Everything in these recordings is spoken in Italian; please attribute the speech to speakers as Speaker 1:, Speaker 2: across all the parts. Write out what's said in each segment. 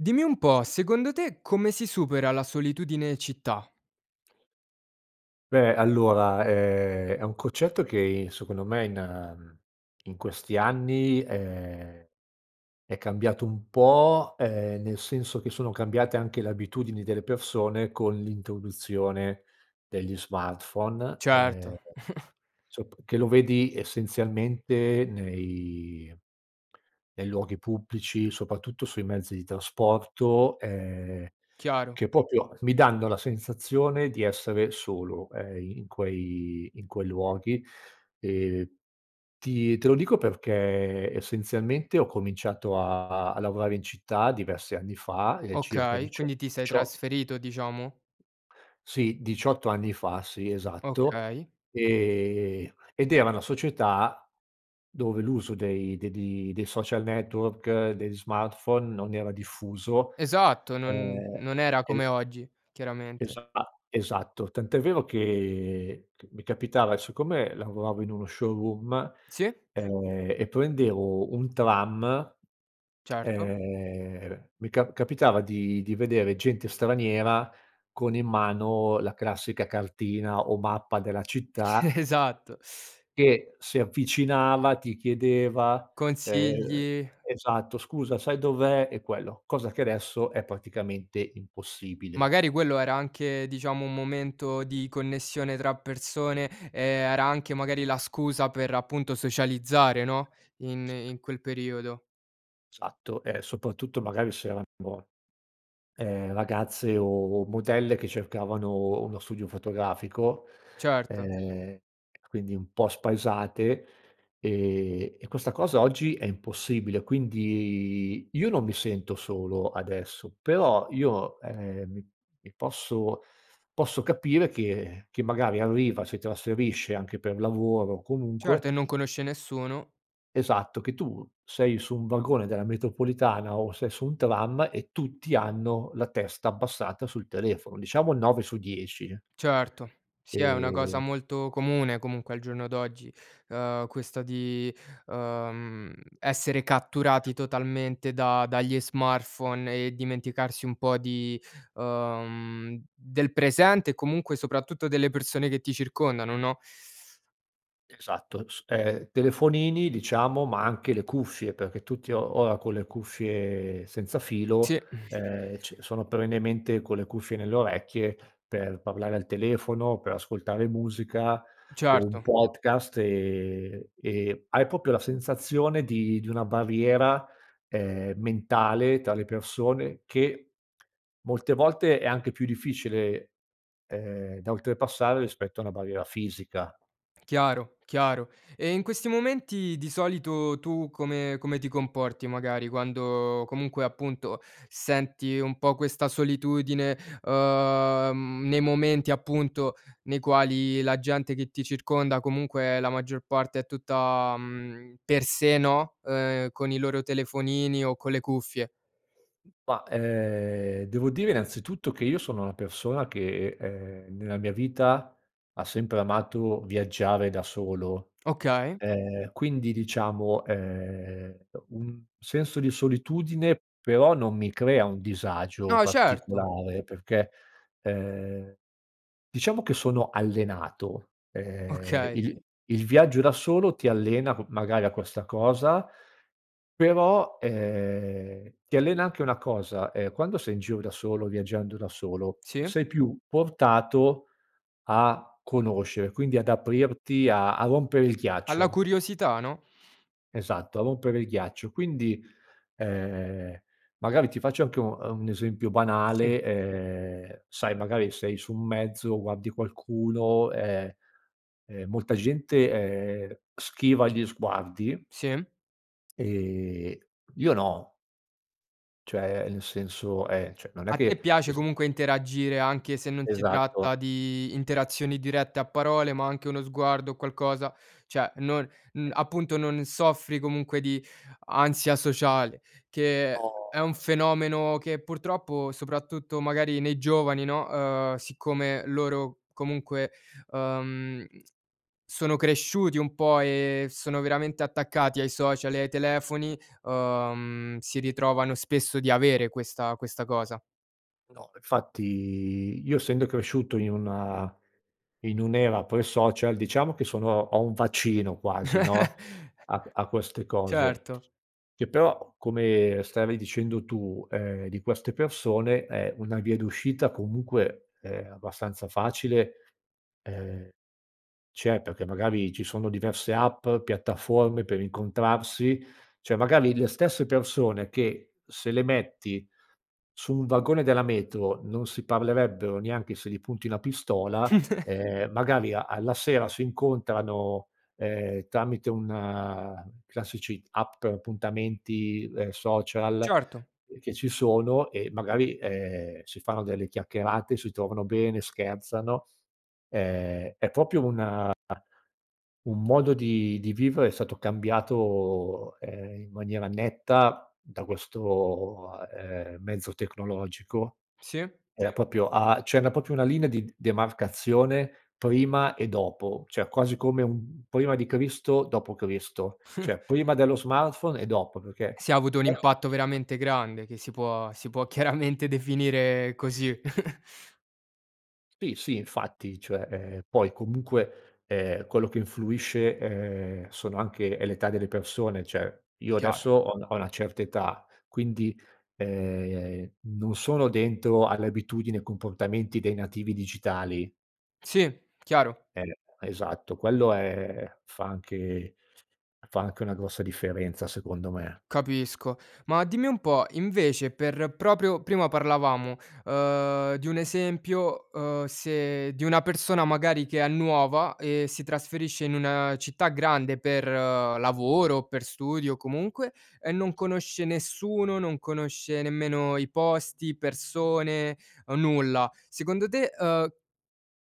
Speaker 1: Dimmi un po', secondo te come si supera la solitudine in città?
Speaker 2: Beh, allora è è un concetto che i secondo me in in questi anni è è cambiato un po’, ehm, nel senso che sono cambiate anche le abitudini delle persone con l’introduzione degli smartphone, ehm,
Speaker 1: Certo.
Speaker 2: sop che lo vedi essenzialmente nei nei luoghi pubblici, soprattutto sui mezzi di trasporto, ehm,
Speaker 1: Chiaro.
Speaker 2: che proprio mi danno la sensazione di essere solo, ehm, i in quei in quei luoghi. E ti te lo dico perché essenzialmente ho cominciato a a a lavorare in città diversi anni fa, ehm, circa
Speaker 1: Okay,
Speaker 2: dicio
Speaker 1: quindi ti sei
Speaker 2: dicio
Speaker 1: trasferito diciamo?
Speaker 2: Sì, 18 anni fa, sì, esatto,
Speaker 1: Okay.
Speaker 2: ehm, ed era una società dove l’uso dei de di dei social network, degli smartphone, non era diffuso,
Speaker 1: Esatto, non
Speaker 2: ehm,
Speaker 1: non era
Speaker 2: e
Speaker 1: come oggi, chiaramente.
Speaker 2: Esa esatto, tant’è vero che c mi capitava siccome lavoravo in uno showroom,
Speaker 1: Sì.
Speaker 2: e e prendevo un tram,
Speaker 1: Certo.
Speaker 2: ehm, mi cap capitava di di vedere gente straniera con in mano la classica cartina o mappa della città
Speaker 1: Esatto
Speaker 2: che si avvicinava, ti chiedeva, ehm
Speaker 1: Consigli.
Speaker 2: esatto: "Scusa sai dov’è" e quello; cosa che adesso è praticamente impossibile.
Speaker 1: Magari quello era anche diciamo un momento di connessione tra persone, ehm, era anche magari la scusa per, appunto, socializzare no, in in quel periodo.
Speaker 2: Esatto, e soprattutto magari se erano, boh, ehm, ragazze o modelle che cercavano uno studio fotografico,
Speaker 1: Certo.
Speaker 2: ehm, quindi un po’ spaesate, e e questa cosa oggi è impossibile. Quindi io non mi sento solo adesso, però io, ehm, mi mi posso posso capire che che magari arriva, si trasferisce anche per lavoro, comunque
Speaker 1: Certo e non conosce nessuno.
Speaker 2: Esatto, che tu sei su un vagone della metropolitana o sei su un tram e tutti hanno la testa abbassata sul telefono. Diciamo 9 su 10.
Speaker 1: Certo. Sì è una cosa
Speaker 2: Ehm.
Speaker 1: molto comune comunque al giorno d'oggi, ehm, questa di, ehm, essere catturati totalmente da dagli smartphone e dimenticarsi un po' di ehm, del presente e comunque soprattutto delle persone che ti circondano, no?
Speaker 2: Esatto, s ehm, telefonini diciamo, ma anche le cuffie, perché tutti o ora con le cuffie senza filo,
Speaker 1: Sì.
Speaker 2: ehm, c sono perennemente con le cuffie nelle orecchie, per parlare al telefono, per ascoltare musica o un
Speaker 1: Certo.
Speaker 2: podcast, e e hai proprio la sensazione di di una barriera, ehm, mentale tra le persone che molte volte è anche più difficile, ehm, da oltrepassare rispetto a una barriera fisica.
Speaker 1: Chiaro, chiaro. E in questi momenti di solito tu come come ti comporti magari quando, comunque, appunto senti un po' questa solitudine, ehm, nei momenti appunto nei quali la gente che ti circonda comunque è la maggior parte è tutta, mhmm, per sé no, ehm, con i loro telefonini o con le cuffie?
Speaker 2: Ma, ehm, devo dire innanzitutto che io sono una persona che, ehm, nella mia vita ha sempre amato viaggiare da solo.
Speaker 1: Okay.
Speaker 2: Ehm, quindi diciamo, ehm, uhm, un senso di solitudine però non mi crea un disagio
Speaker 1: No, certo.
Speaker 2: particolare, perché, ehm, diciamo che sono allenato. Ehm,
Speaker 1: Okay.
Speaker 2: il il viaggio da solo ti allena co magari a questa cosa, però, ehm, ti allena anche una cosa: ehm, quando sei in giro da solo, viaggiando da solo,
Speaker 1: Sì.
Speaker 2: sei più portato a conoscere, quindi ad aprirti, a a rompere il
Speaker 1: Alla
Speaker 2: ghiaccio.
Speaker 1: curiosità, no.
Speaker 2: Esatto, a rompere il ghiaccio. Quindi, ehm, magari ti faccio anche un uhm, un esempio
Speaker 1: Sì.
Speaker 2: banale: ehm, sai, magari sei su un mezzo, guardi qualcuno, ehm ehm, molta gente, ehm, schiva gli sguardi
Speaker 1: Sì.
Speaker 2: Ehm, io no. Cioè, ehm, nel senso ehm, cioè, non è
Speaker 1: A te
Speaker 2: che
Speaker 1: piace
Speaker 2: es
Speaker 1: comunque interagire, anche se non si
Speaker 2: Esatto.
Speaker 1: tratta di interazioni dirette a parole, ma anche uno sguardo o qualcosa cioè non uhm,
Speaker 2: Eh.
Speaker 1: appunto non soffri comunque di ansia sociale, che è è
Speaker 2: No.
Speaker 1: un fenomeno che purtroppo soprattutto magari nei giovani no, ehm, siccome loro comunque, ehm, sono cresciuti un po' e sono veramente attaccati ai social e ai telefoni, ehm, si ritrovano spesso di avere questa questa cosa.
Speaker 2: No, infatti io essendo cresciuto in una in un’era pre-social, diciamo che sono ho un vaccino quasi no, a q a queste cose,
Speaker 1: Certo.
Speaker 2: che però, come stavi dicendo tu, ehm, di queste persone, ehm, una via d’uscita comunque, ehm, abbastanza facile, ehm, c'è, perché magari ci sono diverse app, piattaforme per incontrarsi. Cioè, magari le stesse persone che, se le metti su un vagone della metro, non si parlerebbero neanche se gli punti una pistola, ehm, magari a alla sera si incontrano, ehm, tramite un classici app per appuntamenti, ehm, social
Speaker 1: Certo.
Speaker 2: che ci sono, e magari, ehm, si fanno delle chiacchierate, si trovano bene, scherzano. Ehm, è proprio un a un modo di di vivere è stato cambiato, ehm, in maniera netta da questo, ehm, mezzo tecnologico.
Speaker 1: Sì.
Speaker 2: Era proprio a cioè na proprio una linea di demarcazione, prima e dopo, cioè quasi come un prima di Cristo, dopo Cristo; cioè prima dello smartphone e dopo, perché,
Speaker 1: Sì, ha avuto un
Speaker 2: è
Speaker 1: impatto veramente grande, che si può si può chiaramente definire così.
Speaker 2: Sì, sì, infatti, cioè, ehm poi comunque, ehm, quello che influisce, ehm, sono anche è l’età delle persone. Cioè, io
Speaker 1: Chiaro.
Speaker 2: adesso ho una ho una certa età, quindi, ehm, non sono dentro alle abitudini, ai comportamenti dei nativi digitali.
Speaker 1: Sì, chiaro.
Speaker 2: Eh, esatto, quello è fa anche fa anche una grossa differenza, secondo me.
Speaker 1: Capisco. Ma dimmi un po' invece per proprio prima parlavamo, ehm, di un esempio, uhm, se di una persona magari che è nuova e si trasferisce in una città grande per lavoro o per studio comunque, e non conosce nessuno, non conosce nemmeno i posti, persone, nulla. Secondo te, uhm,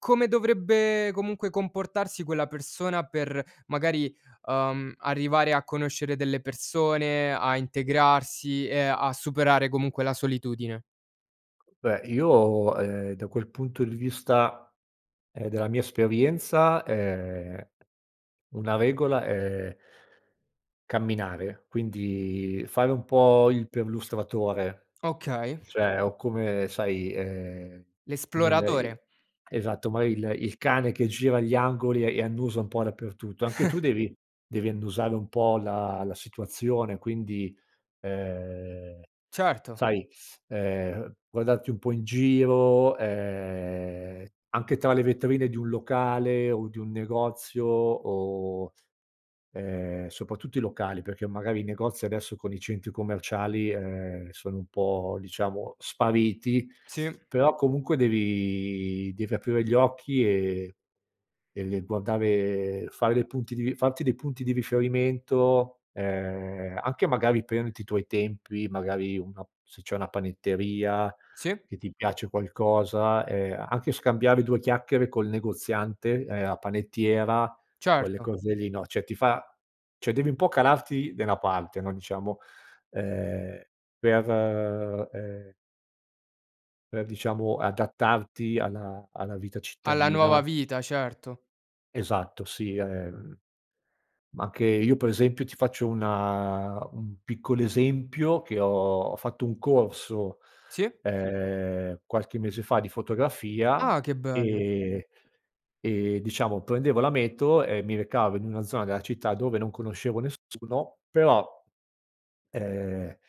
Speaker 1: come dovrebbe comunque comportarsi quella persona per magari, uhm, arrivare a conoscere delle persone, a integrarsi e a superare comunque la solitudine?
Speaker 2: Beh io, ehm, da quel punto di vista, ehm, della mia esperienza è una regola è camminare, quindi fare un po' il perlustratore
Speaker 1: Okay.
Speaker 2: cioè o come sai, ehm, come il i
Speaker 1: L'esploratore.
Speaker 2: esatto mari il il cane che gira gli angoli e annusa un po' dappertutto, anche tu devi devi annusare un po' la la situazione, quindi, ehm,
Speaker 1: Certo.
Speaker 2: sai, ehm, guardarti un po' in giro, ehm, anche tra le vetrine di un locale o di un negozio o, ehm, soprattutto i locali, perché magari i negozi adesso con i centri commerciali, ehm, sono un po', diciamo, spariti,
Speaker 1: Sì.
Speaker 2: però comunque devi devi aprire gli occhi e e e guardare fare dei punti di farti dei punti di riferimento, ehm, anche magari prenderti i tuoi tempi magari una se c'è una panetteria
Speaker 1: Sì.
Speaker 2: che ti piace qualcosa, ehm, anche scambiare due chiacchiere col negoziante, ehm, a panettiera quelle
Speaker 1: Certo.
Speaker 2: cose lì, no, cioè ti fa cioè devi un po' calarti nella parte no, diciamo ehm, per, ehm per diciamo adattarti alla alla vita
Speaker 1: Alla nuova
Speaker 2: cittadina.
Speaker 1: vita, certo.
Speaker 2: Esatto, sì, ehm, ma anche io per esempio ti faccio una un piccolo esempio che ho fatto un corso,
Speaker 1: Sì.
Speaker 2: ehm, qualche mese fa di
Speaker 1: Ah,
Speaker 2: fotografia
Speaker 1: che bello.
Speaker 2: e e diciamo prendevo la metro e mi recavo in una zona della città dove non conoscevo nessuno, però, ehm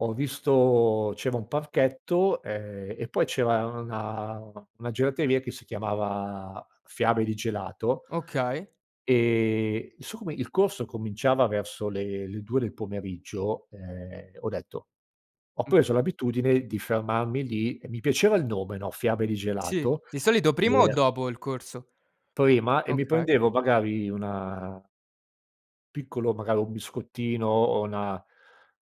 Speaker 2: ho visto c'era un parchetto, ehm, e poi c'era una una gelateria che si chiamava Fiabe di gelato
Speaker 1: Okay.
Speaker 2: ehm, no so come il corso cominciava verso le le 2 del pomeriggio, ehm, ho detto ho
Speaker 1: Mh.
Speaker 2: preso l'abitudine di fermarmi lì e mi piaceva il nome no, Fiabe di
Speaker 1: Sì,
Speaker 2: gelato
Speaker 1: di solito
Speaker 2: e
Speaker 1: prima o dopo il corso?
Speaker 2: Prima e mi
Speaker 1: Okay.
Speaker 2: prendevo magari una piccolo, magari un biscottino o una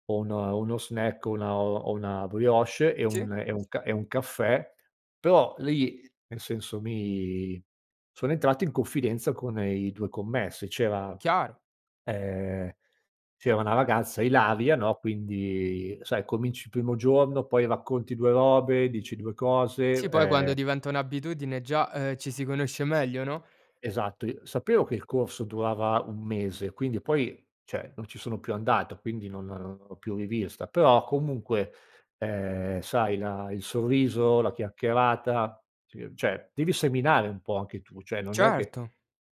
Speaker 2: o un uno snack o una o una brioche e un
Speaker 1: Sì.
Speaker 2: e un ca e un caffè, però lì, nel senso, mi sono entrato in confidenza con i 2 commessi. C'era
Speaker 1: Chiaro.
Speaker 2: ehm, c'era una ragazza, Ilaria no, quindi sai cominci il primo giorno poi racconti 2 robe, dici 2 cose,
Speaker 1: Sì poi quando
Speaker 2: ehm
Speaker 1: diventa un'abitudine già, uhm, ci si conosce meglio, no?
Speaker 2: Esatto i sapevo che il corso durava 1 mese quindi poi cioè non ci sono più andato quindi non non l'ho più rivista, però comunque, ehm, sai la il sorriso, la chiacchierata ci cioè devi seminare un po' anche tu, cioè non è che
Speaker 1: Certo.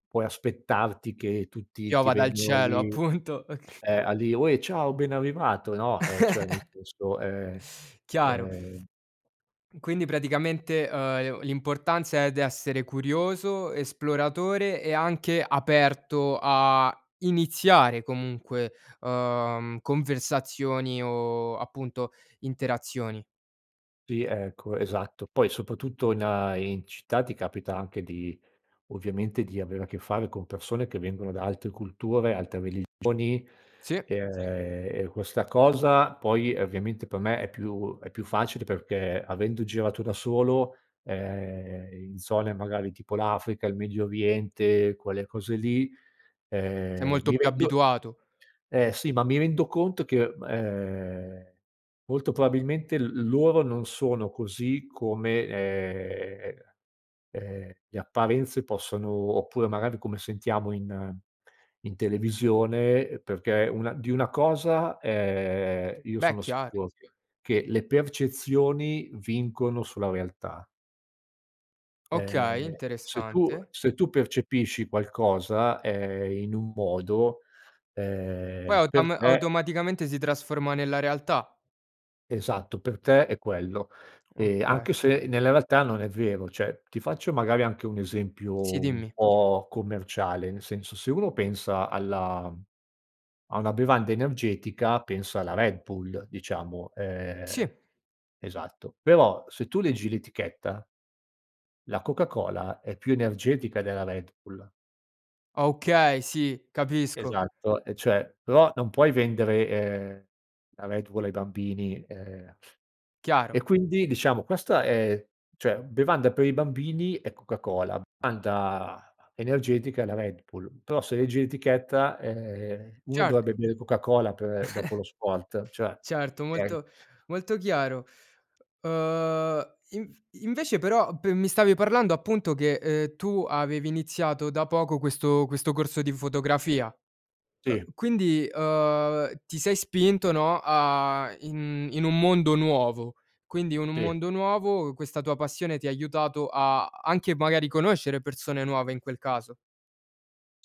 Speaker 2: puoi aspettarti che tutti ti
Speaker 1: Piova dal
Speaker 2: vengono
Speaker 1: cielo
Speaker 2: lì,
Speaker 1: appunto, ok
Speaker 2: ehm, a di' "Ue, ciao ben arrivato." No, ehm, cioè nel senso, ehm,
Speaker 1: Chiaro.
Speaker 2: ehm
Speaker 1: Quindi praticamente, uhm, e o l'importanza, ehm, d'essere curioso, esploratore e anche aperto a iniziare comunque, uhm, conversazioni o appunto interazioni.
Speaker 2: Sì ecco esatto, poi soprattutto in in città ti capita anche di ovviamente, di avere a che fare con persone che vengono da altre culture, altre religioni,
Speaker 1: Sì.
Speaker 2: ehm, e questa cosa poi, ovviamente, per me, è più è più facile perché avendo girato da solo, ehm, in zone magari tipo l'Africa, il Medio Oriente, quelle cose lì,
Speaker 1: Sei
Speaker 2: ehm,
Speaker 1: molto
Speaker 2: mi
Speaker 1: più
Speaker 2: rendo
Speaker 1: abituato.
Speaker 2: ehm, sì ma mi rendo conto che m ehm, molto probabilmente l loro non sono così come, ehm, ehm, le apparenze possono oppure magari come sentiamo in in televisione, ehm, perché una di una cosa, ehm, io
Speaker 1: Beh
Speaker 2: sono
Speaker 1: chiaro.
Speaker 2: sicu che le percezioni vincono sulla realtà
Speaker 1: Okay,
Speaker 2: ehm, se tu
Speaker 1: interessante.
Speaker 2: se tu percepisci qualcosa, ehm, in un modo,
Speaker 1: Poi
Speaker 2: ehm, per
Speaker 1: autom
Speaker 2: te
Speaker 1: automaticamente si trasforma nella realtà.
Speaker 2: Esatto per te è quello. E
Speaker 1: Oka
Speaker 2: anche se nella realtà non è vero. Cioè ti faccio magari anche un
Speaker 1: Sì,
Speaker 2: esempio un
Speaker 1: dimmi.
Speaker 2: po' commerciale, nel senso se uno pensa alla a una bevanda energetica, pensa alla Red Bull, diciamo,
Speaker 1: Sì.
Speaker 2: ehm esatto, però se tu leggi l'etichetta la Coca-Cola è più energetica della Red Bull.
Speaker 1: Okay, sì, capisco.
Speaker 2: Esatto, e cioè però non puoi vendere, ehm, la Red Bull ai bambini, uhm,
Speaker 1: Chiaro.
Speaker 2: e quindi diciamo questa è cioè bevanda per i bambini è Coca-Cola, bevanda energetica è la Red Bull, però se leggi l'etichetta, ehm, uno dovrebbe
Speaker 1: Certo.
Speaker 2: bere Coca-Cola per dopo lo sport cioè,
Speaker 1: Certo
Speaker 2: okay?
Speaker 1: molto molto chiaro. Uhm, inv invece però pe mi stavi parlando appunto che, uhm, tu avevi iniziato da poco questo questo corso di fotografia.
Speaker 2: Sì.
Speaker 1: Uhm, quindi, uhm, ti sei spinto no, a in in un mondo nuovo, quindi o in un
Speaker 2: Sì.
Speaker 1: mondo nuovo questa tua passione ti ha aiutato a anche magari conoscere persone nuove, in quel caso.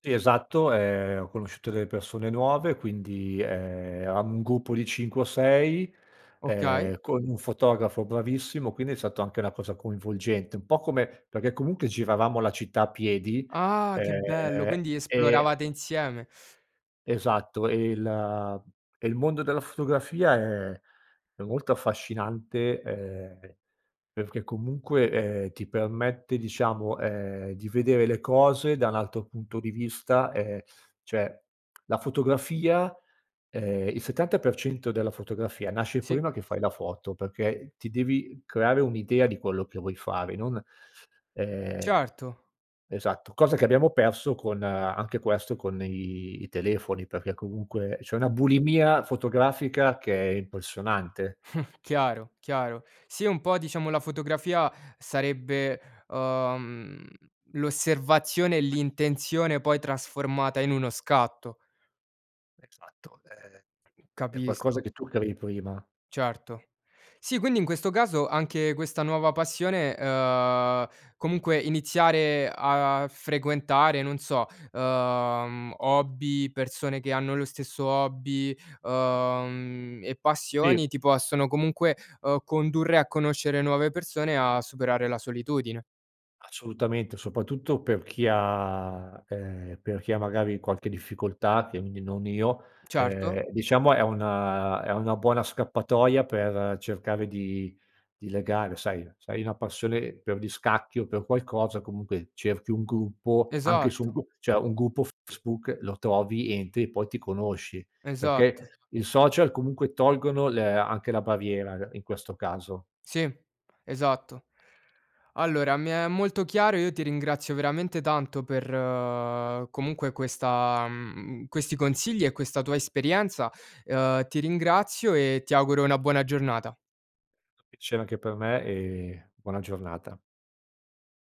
Speaker 2: Sì, esatto, ehm, ho conosciuto delle persone nuove quindi, ehm, eravamo un gruppo di 5 o 6
Speaker 1: Okay.
Speaker 2: ehm, con un fotografo bravissimo, quindi è stato anche una cosa coinvolgente un po' come perché comunque giravamo la città a piedi,
Speaker 1: Ah, che bello!
Speaker 2: ehm,
Speaker 1: Quindi
Speaker 2: e
Speaker 1: esploravate insieme.
Speaker 2: Esatto e il e il mondo della fotografia è è molto affascinante, ehm, perché comunque, ehm, ti permette, diciamo, ehm, di vedere le cose da un altro punto di vista, ehm, cioè la fotografia ehm, il 70% della fotografia nasce
Speaker 1: Sì.
Speaker 2: prima che fai la foto, perché ti devi creare un'idea di quello che vuoi fare non, ehm
Speaker 1: Certo.
Speaker 2: esatto, cosa che abbiamo perso con anche questo con i i telefoni, perché comunque c'è una bulimia fotografica che è impressionante.
Speaker 1: Chiaro, chiaro. Sì un po' diciamo la fotografia sarebbe, uhm, l'osservazione e l'intenzione, poi trasformata in uno scatto.
Speaker 2: Esatto, è è qualcosa
Speaker 1: Capisco.
Speaker 2: che tu crei prima.
Speaker 1: Certo. Sì, quindi in questo caso anche questa nuova passione uhm, comunque iniziare a frequentare non so, uhm, hobby, persone che hanno lo stesso hobby, uhm, e
Speaker 2: Sì.
Speaker 1: passioni ti possono comunque, uhm, condurre a conoscere nuove persone, a superare la solitudine.
Speaker 2: Assolutamente, soprattutto per chi ha ehm, per chi ha magari qualche difficoltà [unintelligible] non io,
Speaker 1: Certo.
Speaker 2: ehm, diciamo è una è una buona scappatoia per cercare di di legare, sai, se hai una passione per gli scacchi o per qualcosa, comunque, cerchi un gruppo anche su un
Speaker 1: Esatto.
Speaker 2: gru cioè un gruppo Facebook lo trovi, entri e poi ti conosci, perché
Speaker 1: Esatto.
Speaker 2: i social comunque tolgono le anche la barriera [unintelligible] in questo caso.
Speaker 1: Sì. Esatto. Allora, mi è molto chiaro io ti ringrazio veramente tanto per, comunque, questa mhmm, questi consigli e questa tua esperienza, uhm, ti ringrazio e ti auguro una buona giornata.
Speaker 2: [unintelligible] Piacere anche per me e buona giornata.